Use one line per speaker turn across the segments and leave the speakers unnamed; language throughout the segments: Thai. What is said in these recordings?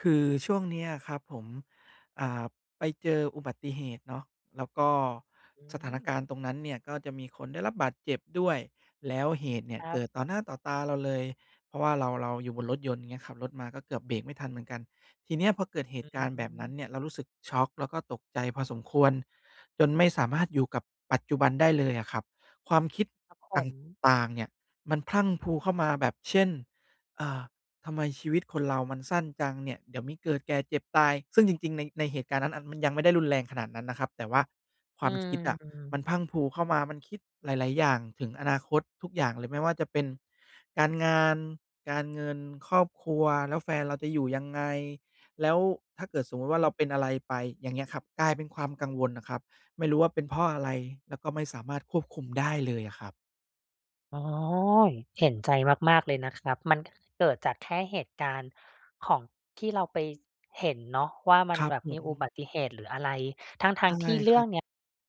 คือช่วงเนี้ยอะครับผม อ่า ไปเจออุบัติเหตุเนาะ แล้วก็
อื
สถานการณ
ม
์ตรงนั้นเนี่ยก็จะมีคนได้รับบาดเจ็บด้วย แล้วเหตุเนี่
ค
ย
ร
เ
ั
ก
บ
ิดต่อหน้าต่อตาเราเลย เพราะว่าเรา เราอยู่บนรถยนต์ เงี้ย ขับรถมาก็เกือบเบรกไม่ทันเหมือนกัน ทีเนี้ยพอเกิดเห
อ
ต
ื
ุการณ์แบบนั้น
ม
เนี่ย เรารู้สึกช็อกแล้วก็ตกใจพอสมควรจนไม่สามารถอยู่กับปัจจุบันได้เลยอะครับ ความคิด
ครับผ
ต
ม
่าง ๆ เนี่ยมันพรั่งพรูเข้ามาแบบ เช่น อ่า ทำไมชีวิตคนเรามันสั้นจังเนี่ย เดี๋ยวมีเกิด แก่ เจ็บ ตาย ซึ่งจริง ๆ ใน ในเหตุการณ์นั้นอัน มันยังไม่ได้รุนแรงขนาดนั้นนะครับ แต่ว่าค
อ
ว
ื
ามคิดอะมั
ม
นพรั่งพรูเข้ามา มันคิดหลาย ๆ อย่างถึงอนาคต ทุกอย่างเลย ไม่ว่าจะเป็นการงาน การเงิน ครอบครัว แล้วแฟนเราจะอยู่ยังไง แล้วถ้าเกิดสมมุติว่
อ
า
ื
เร
ม
าเป็นอะไรไป อย่างเงี้ยครับ กลายเป็นความกังวลอะครับ ไม่รู้ว่าเป็นเพราะอะไร แล้วก็ไม่สามารถควบคุมได้เลยอะครับ
อ๋อ เห็นใจมาก ๆ เลยนะครับ มันเกิดจากแค่เหตุการณ์ของ ที่เราไปเห็นเนาะว่า มั
ค
น
รับ
แบบ
ผ
มีอุ
ม
บัติเหตุหรืออะไร ทั
ใช
้
่
ง ๆ ที่เร
ค
ื
ร
่
ั
อ
บ
งเนี้ย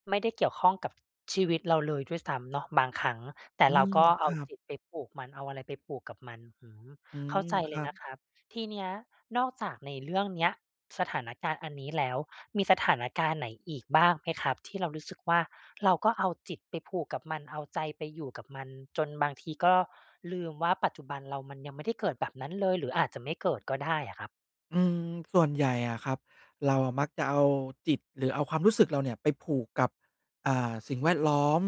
ไม่ได้เกี่ยวข้องกับชีวิตเราเลยด้วยซ้ำเนาะ บางครั้ง แต่
อื
เรา
ม
ก็เ
ค
อา
รับ
จิตไปผูกมัน เอาอะไรไปผูกกับมัน อืม
อื
เข้
ม
าใจ
ค
เล
รั
ยน
บ
ะครับ ทีเนี้ยนอกจากในเรื่องเนี้ย สถานการณ์อันนี้แล้ว มีสถานการณ์ไหนอีกบ้างไหมครับ? ที่เรารู้สึกว่า เราก็เอาจิตไปผูกกับมัน เอาใจไปอยู่กับมัน จนบางทีก็ลืมว่า ปัจจุบันเรา มันยังไม่ได้เกิดแบบนั้นเลย หรืออาจจะไม่เกิดก็ได้อะครับ
อืม ส่วนใหญ่อะครับ เราอะมักจะเอาจิตหรือเอาความรู้สึกเราเนี่ย ไปผูกกับ อ่า สิ่งแวดล้อม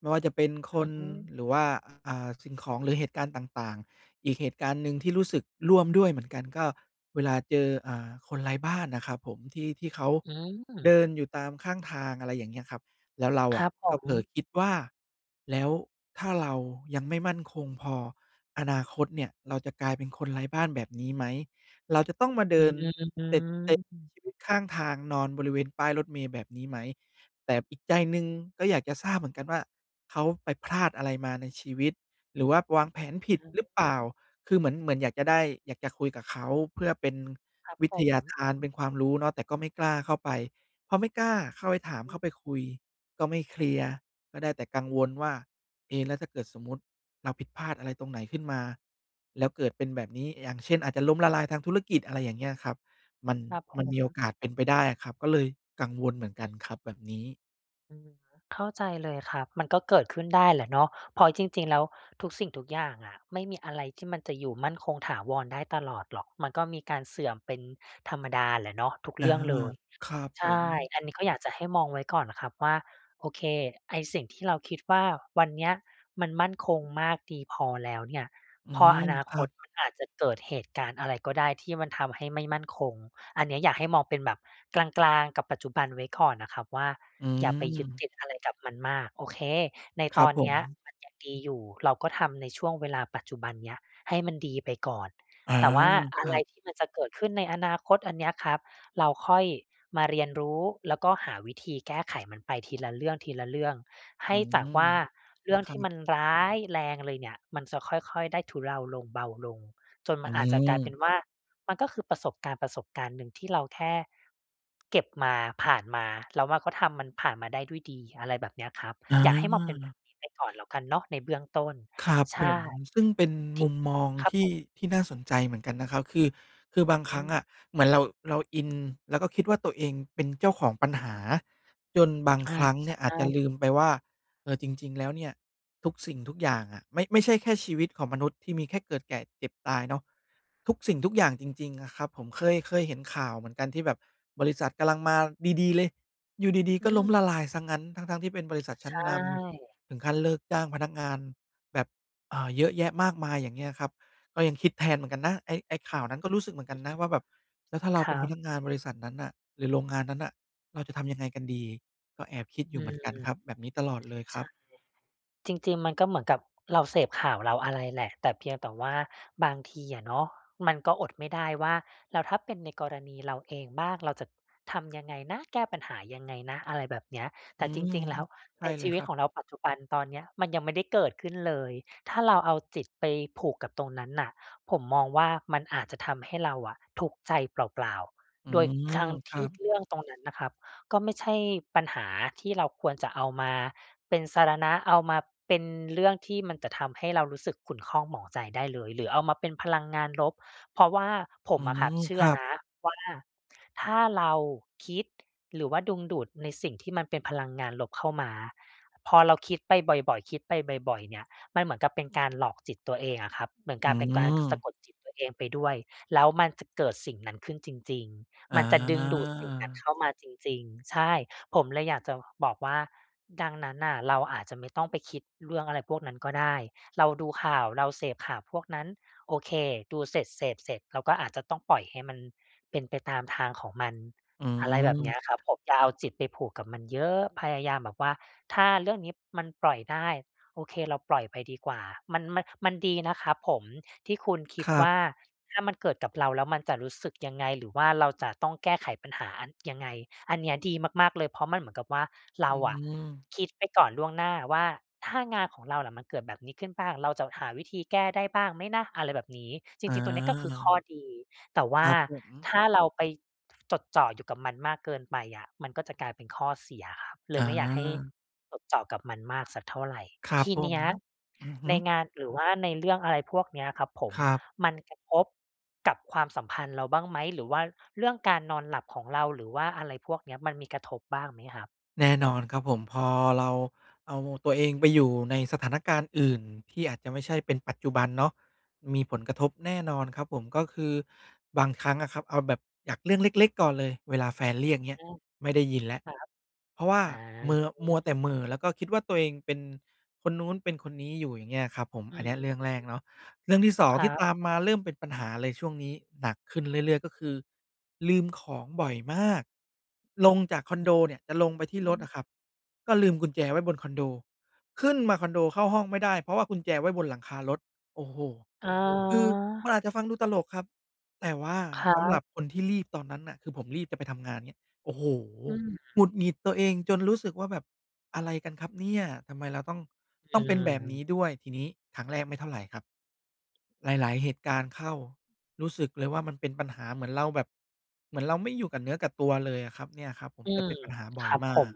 ไม่ว่าจะเป็นค
อื
น
ม
หรือว่า อะ อ่า สิ่งของหรือเหตุการณ์ต่าง ๆ อีกเหตุการณ์หนึ่งที่รู้สึกร่วมด้วยเหมือนกัน ก็เวลาเจอ อ่า คนไร้บ้านนะครับผม ที่ ที่เขา
อื
เด
ม
ินอยู่ตามข้างทาง อะไรอย่างเงี้ยครับ แล้วเรา
ค
อ
ร
ะ
ับผ
ก็เผล
ม
อคิดว่า แล้วถ้าเรายังไม่มั่นคงพอ อนาคตเนี่ยเราจะกลายเป็นคนไร้บ้านแบบนี้ไหม เราจะต้องมาเด
อ
ิน
ื
เตร็ดเตร่ใช้
ม
ชีวิตข้างทางนอนบริเวณป้ายรถเมล์แบบนี้ไหม แต่อีกใจหนึ่งก็อยากจะทราบเหมือนกันว่า เขาไปพลาดอะไรมาในชีวิต หรือว่าวางแผน
อะ
ผ
ฮ
ิ
ะ
ดหรือเปล่า คือเหมือน เหมือนอยากจะได้ อยากจะคุยกับเขา เพื่อเป็น
ครับ
วิ
ผ
ทยา
ม
ทาน เป็นความรู้เนาะ แต่ก็ไม่กล้าเข้าไป พอไม่กล้าเข้าไปถาม
อื
เข้า
ม
ไปคุย ก็ไม่เคลียร์ ก็ได้แต่กังวลว่า เอ แล้วถ้าเกิดสมมุติเราผิดพลาดอะไรตรงไหนขึ้นมาแล้วเกิดเป็นแบบนี้ อย่างเช่น อาจจะล้มละลายทางธุรกิจ อะไรอย่างเงี้ยครับ มัน
ครับผ
มันมีโอ
ม
กาสเป็นไปได้อะครับ ก็เลยกังวลเหมือนกันครับแบบนี้
อืม เข้าใจเลยครับ มันก็เกิดขึ้นได้แหละเนาะ เพราะจริง ๆ แล้วทุกสิ่งทุกอย่างอะ ไม่มีอะไรที่มันจะอยู่มั่นคงถาวรได้ตลอดหรอก มันก็มีการเสื่อมเป็นธรรมดาแหละเนาะ ทุก
อ
เ
า
รื่องเลย
ครับ
ใ
ผ
ช่
ม
อันนี้ก็อยากจะให้มองไว้ก่อนครับว่า โอเค ไอ้สิ่งที่เราคิดว่าวันเนี้ยมันมั่นคงมากดีพอแล้วเนี่ย
อื
พอ
ม
อนา
ค
ค
รั
ต
บ
มันอาจจะเกิดเหตุการณ์อะไรก็ได้ที่มันทำให้ไม่มั่นคง อันเนี้ยอยากให้มองเป็นแบบกลาง ๆ กับปัจจุบัน ไว้ก่อนนะครับว่า
อื
อย่าไปยึด
ม
ติดอะไรกับมันมาก โอเค ใน
คร
ต
ั
อ
บ
น
ผ
เนี้ย
ม
มันยังดีอยู่ เราก็ทำในช่วงเวลาปัจจุบันเนี่ยให้มันดีไปก่อน
อ๋อ
แต่ว่าอ
ค
ะ
ร
ไ
ั
ร
บ
ที่มันจะเกิดขึ้นในอนาคตอันเนี้ยครับ เราค่อยมาเรียนรู้ แล้วก็หาวิธีแก้ไขมันไปทีละเรื่อง ๆ ให
อื
้จากว่
ม
าเรื่อง
ค
ท
รั
ี่ม
บ
ันร้ายแรงเลยเนี่ย มันจะค่อย ๆ ได้ทุเลาลง เบาลง จน
อ
มั
ื
นอาจจะกลายเป็น
ม
ว่า มันก็คือประสบการณ์ ๆ หนึ่งที่เราแค่เก็บมา ผ่านมาเราว่าก็ทำมันผ่านมาได้ด้วยดี อะไรแบบเนี้ยครับ อยากให้มองเป็นแบ
อา
บนี้ไปก่อนแล้วกันเนาะ ในเบื้องต้น
ครับ
ใช
ผ
่
ม ซึ่งเป็น
ท
มุมมอง
ครับ
ที
ผ
่
ม
ที่น่าสนใจเหมือนกันนะครับ คือ คือบาง
อ
ค
ื
รั้งอ
ม
ะเหมือนเรา เราอิน แล้วก็คิดว่าตัวเองเป็นเจ้าของปัญหาจนบาง
อา
ครั้ง
ใ
เ
ช
นี่ยอาจจะ
่
ลืมไปว่า เออ จริง ๆ แล้วเนี่ยทุกสิ่งทุกอย่างอะ ไม่ ไม่ใช่แค่ชีวิตของมนุษย์ที่มีแค่เกิด แก่ เจ็บ ตายเนาะ ทุกสิ่งทุกอย่างจริง ๆ อะครับ ผมเคย เคยเห็นข่าวเหมือนกันที่แบบบริษัทกำลังมาดี ๆ เลย อยู่ดี
อ
ๆ
ื
ก็ล้ม
ม
ละลายซะงั้น ทั้ง ๆ ที่เป็นบริษัทช
ใ
ั
ช
้นน
่
ำถึงขั้นเลิกจ้างพนักงานแบบ อ่า เยอะแยะมากมาย อย่างเงี้ยครับ ก็ยังคิดแทนเหมือนกันนะ ไอ้ ไอ้ข่าวนั้นก็รู้สึกเหมือนกั
อื
น
อ
น
ฮึ
ะว่าแบบแล้วถ้าเรา
ค
เ
ร
ป็น
ั
พ
บ
นักงานบริษัทนั้นน่ะหรือโรงงานนั้นน่ะ เราจะทำยังไงกันดี ก็แอบคิดอย
อื
ู่เหมื
ม
อนกันครับ แบบนี้ตลอดเลย
ใ
ค
ช
รั
่
บ
จริง ๆ มันก็เหมือนกับเราเสพข่าวเราอะไรแหละ แต่เพียงแต่ว่าบางทีอะเนาะมันก็อดไม่ได้ว่า แล้วถ้าเป็นในกรณีเราเองบ้างเราจะทำยังไงนะ แก้ปัญหายังไงนะ อะไรแบบเนี้ย
อ
แ
ื
ต่จ
ม
ริง ๆ แล้ว
ใช
ใน
่เล
ชี
ย
ว
ค
ิต
รั
ข
บ
องเราปัจจุบันตอนเนี้ยมันยังไม่ได้เกิดขึ้นเลยถ้าเราเอาจิตไปผูกกับตรงนั้นน่ะ ผมมองว่ามันอาจจะทำให้เราอะทุกข์ใจเปล่า
อื
ๆ โดย
ม
ทั้ง
ค
ท
ร
ี
ั
่
บ
เรื่องตรงนั้นน่ะครับก็ไม่ใช่ปัญหาที่เราควรจะเอามาเป็นสรณะ เอามาเป็นเรื่องที่มันจะทำให้เรารู้สึกขุ่นข้องหมองใจได้เลยหรือเอามาเป็นพลังงานลบ เพราะว่าผ
อื
มอะครับ
ม
เชื
ค
่อ
รับ
นะว่า ถ้าเราคิด หรือว่าดึงดูดในสิ่งที่มันเป็นพลังงานลบเข้ามาพอเราคิดไปบ่อย ๆ คิดไปบ่อย ๆ เนี่ย มันเหมือนกับเป็นการหลอกจิตตัวเองอะครับเหมือน
อื
การเป็นการสะ
ม
กดจิตตัวเองไปด้วย แล้วมันจะเกิดสิ่งนั้นขึ้นจริง
อ
ๆ มันจะดึงดูดสิ่งนั้น
า
เข้ามาจริง ๆ ใช่ ผมเลยอยากจะบอกว่า ดังนั้นน่ะเราอาจจะไม่ต้องไปคิดเรื่องอะไรพวกนั้นก็ได้ เราดูข่าว เราเสพข่าวพวกนั้น โอเค ดูเสร็จ เสพเสร็จ เราก็อาจจะต้องปล่อยให้มันเป็นไปตามทางของมัน
อื
อะไรแบบเนี้ยครับ
ม
ผม อย่าเอาจิตไปผูกกับมันเยอะ พยายามแบบว่าถ้าเรื่องนี้มันปล่อยได้ โอเค เราปล่อยไปดีกว่า มัน มัน มันดีนะครับผมที่คุณค
ค
ิด
รั
ว่
บ
า ถ้ามันเกิดกับเราแล้วมันจะรู้สึกยังไง หรือว่าเราจะต้องแก้ไขปัญหายังไง อันเนี้ยดีมาก ๆ เลย เพราะมันเหมือนกับว่าเร
อ
า
ื
อะ
ม
คิดไปก่อนล่วงหน้าว่า ถ้างานของเราล่ะมันเกิดแบบนี้ขึ้นบ้างเราจะหาวิธีแก้ได้บ้างไหมนะ อะไรแบบนี้ จร
อา
ิง ๆ ตัวนี้ก็คือข้อดี แต่ว
ค
่า
รับผม
ถ้าเราไปจดจ่ออยู่กับมันมากเกินไปอะ มันก็จะกลายเป็นข้อเสียครับ เล
อ
ยไม่อยากให้
า
จดจ่อกับมันมากสักเท่าไร
ครั
ท
บ
ี
ผ
เนี
ม
้ย
อือฮึ
ในงาน หรือว่าในเรื่อง อะไรพวกนี้ครับผม
ครับ
มันกระทบกับความสัมพันธ์เราบ้างไหม หรือว่าเรื่องการนอนหลับของเรา หรือว่าอะไรพวกนี้มันมีกระทบบ้างไหมครับ?
แน่นอนครับผม พอเราเอาตัวเองไปอยู่ในสถานการณ์อื่นที่อาจจะไม่ใช่เป็นปัจจุบันเนาะ มีผลกระทบแน่นอนครับผม ก็คือบางครั้งอะครับ เอาแบบจากเรื่องเล็ก ๆ ก่อนเลย เวลาแฟนเรียก เงี้
อ
ย
ืม
ไม่ได้ยินแล้ว
ครับ
เพราะว่า
อ๋
เมอ มัวแ
อ
ต่เหม่อ แล้วก็คิดว่า ตัวเองเป็น คนนู้นเป็นคนนี้อยู่ อย่างเงี้ยครับผม
อื
อันเนี้ยเรื่องแรก
ม
เนาะ เรื่องที่ 2
คร
ท
ั
ี่
บ
ตามมา เริ่มเป็นปัญหาเลย ช่วงนี้ หนักขึ้นเรื่อย ๆ ก็คือ ลืมของบ่อยมาก ลงจากคอนโดเนี่ย จะลงไปที่
อื
รถ
ม
อะครับ ก็ลืมกุญแจไว้บนคอนโด ขึ้นมาคอนโดเข้าห้องไม่ได้ เพราะว่ากุญแจไว้บนหลังคารถ โอ้โฮ
อ๋อ
คือมันอาจจะฟังดูตลกครับ แต่ว่า
ครั
สำหรั
บ
บคนที่รีบตอนนั้นน่ะ คือผมรีบจะไปทำงาน เงี้ย โอ้โฮ!
อื
หงุ
ม
ดหงิดตัวเองจนรู้สึกว่า แบบอะไรกันครับเนี่ย ทำไมเราต้อง
อื
ต้องเป็นแบบนี
ม
้ด้วย ทีนี้ ครั้งแรกไม่เท่าไรครับ หลาย ๆ เหตุการณ์เข้ารู้สึกเลยว่า มันเป็นปัญหา เหมือนเราแบบ เหมือนเราไม่อยู่กับเนื้อกับตัวเลยอะครับ เนี่ยครับผม
อื
จะเ
ม
ป็นปัญหาบ่
ค
อย
รับ
ม
ผ
าก
ม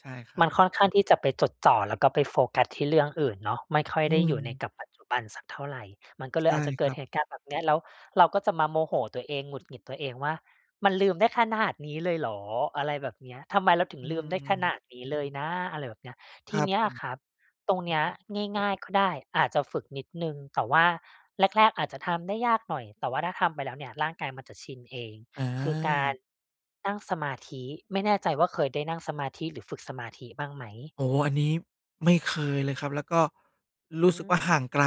ใช่ครั
มั
บ
นค่อนข้างที่จะไปจดจ่อแล้วก็ไปโฟกัสที่เรื่องอื่นเนาะ ไม่ค่อย
อื
ได้อยู่ใน
ม
กับปัจจุบันสักเท่าไร มันก็เล
ใช
ย
่
อาจจะเ
ค
กิ
ร
ด
ับ
เหตุการณ์แบบเนี้ย แล้วเราก็จะมาโมโหตัวเอง หงุดหงิดตัวเองว่า "มันลืมได้ขนาดนี้เลยเหรอ?" อะไรแบบเนี้ย "ทำไมเราถึ
อ
ง
ื
ลืมได้ขน
ม
าดนี้เลยนะ" อะไรแบบเนี้ย ท
ค
ี
รับ
เนี้
ผ
ยอ
ม
ะคร
อ
ั
ื
บ
อ
ตรงเนี้ย
ฮึ
ง่าย ๆ ก็ได้ อาจจะฝึกนิดหนึ่ง แต่ว่าแรก ๆ อาจจะทำได้ยากหน่อย แต่ว่าถ้าทำไปแล้วเนี่ยร่างกายมันจะชินเอง
อ
คือกา
า
รนั่งสมาธิ ไม่แน่ใจว่า เคยได้นั่งสมาธิหรือฝึกสมาธิบ้างไหม?
โอ้โฮ อันนี้ไม่เคยเลยครับ แล้วก็ร
อื
ู้สึกว่า ห่า
ม
งไกล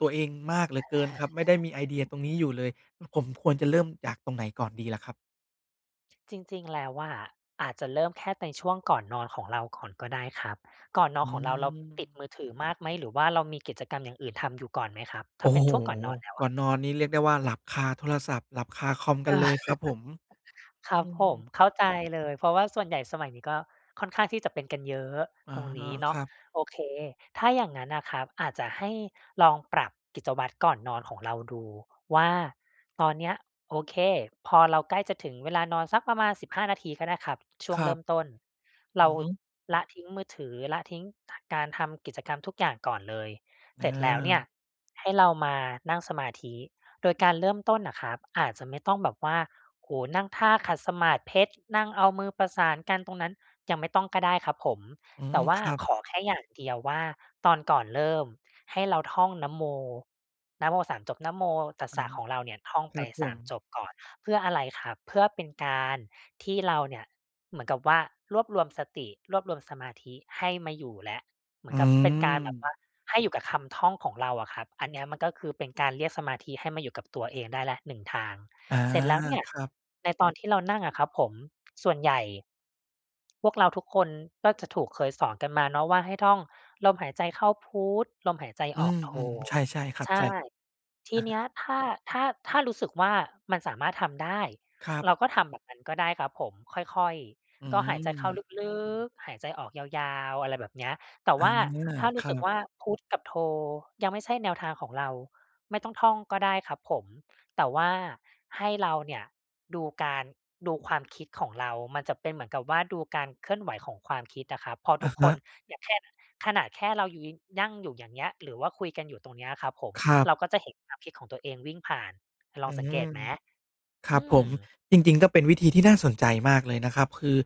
ตัวเองมากเหลือเกินครับ ไม่ได้มีไอเดียตรงนี้อยู่เลย ผ ผมควรจะเริ่มจากตรงไหนก่อนดีล่ะครับ?
จริง ๆ แล้วอะ อาจจะเริ่มแค่ในช่วงก่อนนอนของเราก่อนก็ได้ครับ ก่อนนอ
อื
นของเรา เราติด
ม
มือถือมากไหม หรือว่าเรามีกิจกรรมอย่างอื่นทำอยู่ก่อนไหมครับ
โ
ถ
อ
้
้
าเป
โ
็น
ฮ
ช่วงก่อนนอนแล้ว
ก่
อ
อ
ะ?
นนอนนี่เรียกได้ว่าหลับคาโทรศัพท์ หลับคาคอมก
เ
ั
ออ
นเลยครับผม
คร
อ
ั
ื
บผ
ม
ม เข้าใจเลย เพราะว่าส่วนใหญ่สมัยนี้ก็ค่อนข้างที่จะเป็นกันเยอะ
อ๋อ
ตรงนี้เน
ค
าะ
รับ
โอเค ถ้าอย่างนั้นน่ะครับ อาจจะให้ลองปรับกิจวัตรก่อนนอนของเราดูว่า ตอนเนี้ย โอเค พอเราใกล้จะถึงเวลานอนสักประมาณ 15 นาทีก็ได้ครับ ช่ว
ค
ง
ร
เร
ั
ิ่
บ
มต้น เ
อ
ร
ื
า
อฮึ
ละทิ้งมือถือ ละทิ้งการทำกิจกรรมทุกอย่างก่อนเลย เสร็จแล้วเนี่ย
เออ
ให้เรามานั่งสมาธิ โดยการเริ่มต้นน่ะครับอาจจะไม่ต้องแบบว่า โอ้โฮ นั่งท่าขัดสมาธิเพชร นั่งเอามือประสานกันตรงนั้น ยังไม่ต้องก็ได้ครับผม
อื
แต
ม
่ว่
ค
า
รับ
ขอแค่อย่างเดียวว่า ตอนก่อนเริ่มให้เราท่องนะโม นะโม 3 จบ นะโมตัส
อ
ส
า
ะของเราเนี่ยท่อง
ค
ไป
รับผ
สา
ม
ม จบก่อน เพื่ออะไรครับ เพื่อเป็นการที่เราเนี่ยเหมือนกับว่ารวบรวมสติ รวบรวมสมาธิให้มาอยู่แล้ว เหมื
อ
อ
ื
นกับเป็นการแบบ
ม
ว่า ให้อยู่กับคำท่องของเราอะครับ อันเนี้ยมันก็คือเป็นการเรียกสมาธิให้มาอยู่กับตัวเองได้แล้ว 1 ทาง
อา
เสร็จแล้วเนี่ย
ครับ
ในตอนที่เรานั่งอะครับผม ส่วนใหญ่ พวกเราทุกคนก็จะถูก เคยสอนกันมาเนาะว่า ให้ท่องลมหายใจเข้าพุทธ ลมหายใจ
อื
ออกโธ
ม ๆ ใช่ ๆ ครับ
ใช
ใช
่
่
ท
อ
ี
า
เนี้ย ถ้า ถ้า ถ้ารู้สึกว่า มันสามารถทำได้
ครับ
เราก็ทำแบบนั้นก็ได้ครับผม ค่อย
อื
ๆ ก็หายใจเข้า
ม
ลึก ๆ หายใจออกยาว ๆ อะไรแบบเนี้ย แต่
อา
ว่าถ้า
ค
รู้
รั
สึก
บ
ว่า พุทธกับโธยังไม่ใช่แนวทางของเรา ไม่ต้องท่องก็ได้ครับผม แต่ว่าให้เราเนี่ยดูการ ดูความคิดของเรา มันจะเป็นเหมือนกับว่า ดูการเคลื่อนไหวของความคิดอะครับ พอ
อ
ท
ะ
ุก
ฮ
ค
ะ
นอย่างแค่ ขนาดแค่เราอยู่ น นั่งอยู่อย่างเงี้ย หรือว่าคุยกันอยู่ตรงเนี้ยครับผม
ครั
เรา
บ
ก็จะเห็นความคิดของตัวเองวิ่งผ่าน ล
อ
อง
ื
สังเกต
ม
ไหม?
ค
อ
รั
ื
บผม
ม
จริง ๆ ก็เป็นวิธีที่น่าสนใจมากเลยนะครับ คือ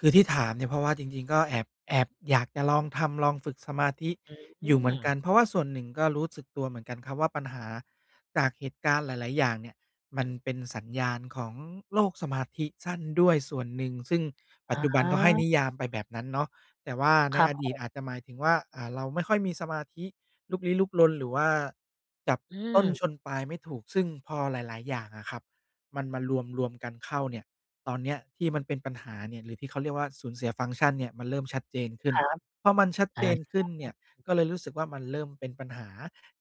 คือที่ถามเนี่ย เพราะว่าจริง ๆ ก็แอบ แอบอยากจะลองทำ ลองฝึกสมาธิ
อื
อยู่เหมือนก
ม
ัน เพราะว่าส่วนหนึ่งก็รู้สึกตัวเหมือนกันครับว่า ปัญหาจากเหตุการณ์หลาย ๆ อย่างเนี่ย มันเป็นสัญญาณของโรคสมาธิสั้นด้วยส่วนหนึ่ง ซึ่งปัจ
อ
จุบันก็ให้
า
นิยามไปแบบนั้นเนาะ แต่ว่าใน
ครั
อ
บผ
ดีต
ม
อาจจะหมายถึงว่า อ่า เราไม่ค่อยมีสมาธิ ลุกลี้ลุกลน หรือว่าจับ
อื
ต้น
ม
ชนปลายไม่ถูก ซึ่งพอหลาย ๆ อย่างอะครับ มันมารวม ๆ กันเข้าเนี่ย ตอนเนี้ยที่มันเป็นปัญหาเนี่ย หรือที่เขาเรียกว่า สูญเสียฟังก์ชันเนี่ยมันเริ่มชัดเจนขึ้
ค
น
รับ
พอมันชัด
อ่
เจนขึ้นเนี่
า
ยก็เลยรู้สึกว่า มันเริ่มเป็นปัญหา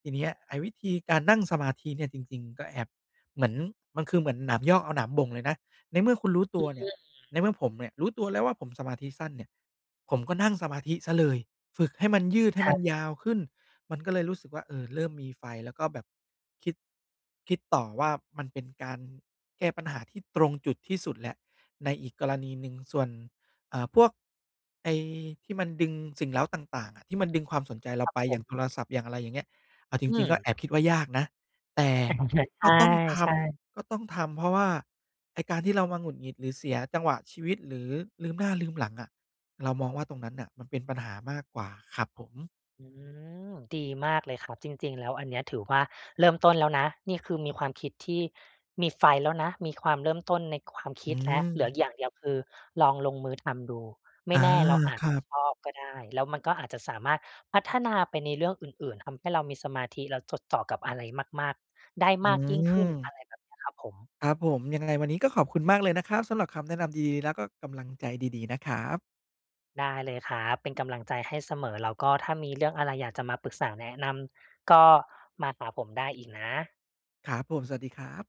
ทีเนี้ยไอ้วิธีการนั่งสมาธิเนี่ยจริง ๆ ก็แอบเหมือน มันคือเหมือนหนามยอกเอาหนามบ่งเลยนะ ในเมื่อคุณรู้ต
อ
ั
ื
วเนี่
อ
ย ในเมื่อผมเนี่ยรู้ตัวแล้วว่า ผมสมาธิสั้นเนี่ย ผมก็นั่งสมาธิเสียเลย ฝึกให้มันยืดให
ใ
้
ช
ม
่
ันยาวขึ้น มันก็เลยรู้สึกว่า เออ เริ่มมีไฟแล้วก็แบบคิด คิดต่อว่ามันเป็นการแก้ปัญหาที่ตรงจุดที่สุดแล้ว ในอีกกรณีหนึ่ง ส่วน อ่า พวกไอ้ที่มันดึงสิ่งเร้าต่าง ๆ อะ ที่มันดึงความสนใจเร
ค
า
รับ
ไป
ผ
อย่างโท
ม
รศัพท์ อย่างอะไรอย่างเงี้ย เอาจ
อื
ริง ๆ ก็
ม
แอบคิดว่ายากนะ แต่ก็ต้องท
ใช่ ๆ
ำ ก็ต้องทำ เพราะว่าไอ้การที่เรามาหงุดหงิด หรือเสียจังหวะชีวิต หรือลืมหน้าลืมหลังอะ เรามองว่าตรงนั้นน่ะมันเป็นปัญหามากกว่าครับผม
อืม ดีมากเลยครับ จริง ๆ แล้วอันเนี้ยถือว่าเริ่มต้นแล้วนะ นี่คือมีความคิดที่มีไฟแล้วนะ มีความเริ่มต้นในความค
อื
ิดแล้ว เหลือ
ม
อีกอย่างเดียวคือลองลงมือทำดู ไม
อ
่
า
แน่เราอา
ค
จ
ร
จ
ั
ะ
บ
ชอบก็ได้ แล้วมันก็อาจจะสามารถพัฒนาไปในเรื่องอื่น ๆ ทำให้เรามีสมาธิแล้วจดต่อกับอะไรมาก ๆ ได้
อื
มากยิ่งขึ้น อ
ม
ะไรแบบนี้ครับผม
ครับผม ยังไงวันนี้ก็ขอบคุณมากเลยนะครับ สำหรับคำแนะนำดี ๆ แล้วก็กำลังใจดี ๆ นะครับ
ได้เลยครับ เป็นกำลังใจให้เสมอ แล้วก็ถ้ามีเรื่องอะไรอยากจะมาปรึกษา แนะนำ ก็มาหาผมได้อีกนะ
ครับผม สวัสดีครับ